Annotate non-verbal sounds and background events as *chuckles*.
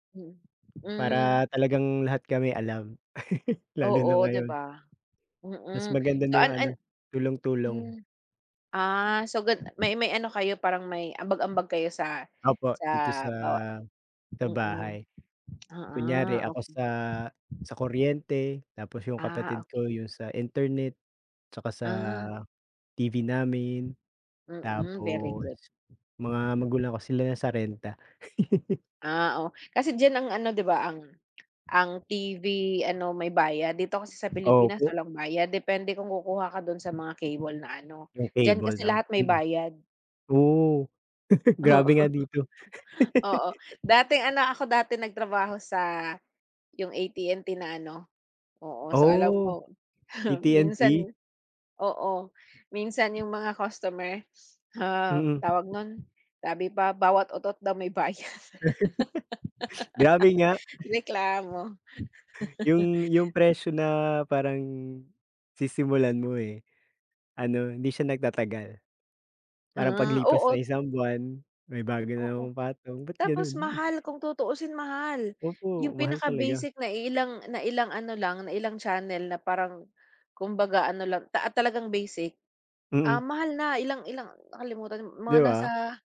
Mm, hmm. Para talagang lahat kami alam, *chuckles* lalo na Oo, di ngayon. ba? Mas Mm, maganda so na an yung ano, an tulong-tulong. hmm, ah, so gan may may ano kayo parang may ambag-ambag kayo sa, Opo, sa dito sa 'bawa sa mm, bahay, oo, kunyari ako okey. sa, sa kuryente, tapos yung Ah, kapatid okey. ko yung sa internet, 'tsaka sa Ah. TV namin, Mm, very tapos good. mga magulang ko sila na sa renta. *laughs* Ah, oh, kasi diyan, ang ano, 'di ba, ang ang TV, ano may bayad. Dito kasi sa Pilipinas Opo. walang bayad, depende kung kukuha ka do'n sa mga cable na ano, Yung diyan cable, kasi 'no? lahat may Mm. bayad. Oo, *laughs* Oo. grabe nga dito. *laughs* Oo, dati *laughs* ano ako dati nagtrabaho sa, yung AT&T na ano. Oo, so alam Oh, ko *chuckles* minsan AT&T? oo, minsan yung mga customers, ah, Mm. tawag no'n, sabi pa, bawat utot daw may bayad. *laughs* Grabe nga. *laughs* *chuckles* Reklamo. *laughs* Yung yung presyo na parang sisimulan mo, eh, ano, hindi siya nagtatagal. Parang Ah, paglipas ng oo. isang buwan, may bago na Oo. namang patong bat Tapos gano'n? mahal, kung tutuusin mahal. Opo, Yung mahal pinaka talaga. basic na iilang na ilang ano lang, na ilang channel na parang, kumbaga ano lang ta talagang basic, ah, Mm. mahal na ilang ilang nakalimutan 'Di mga ba? nasa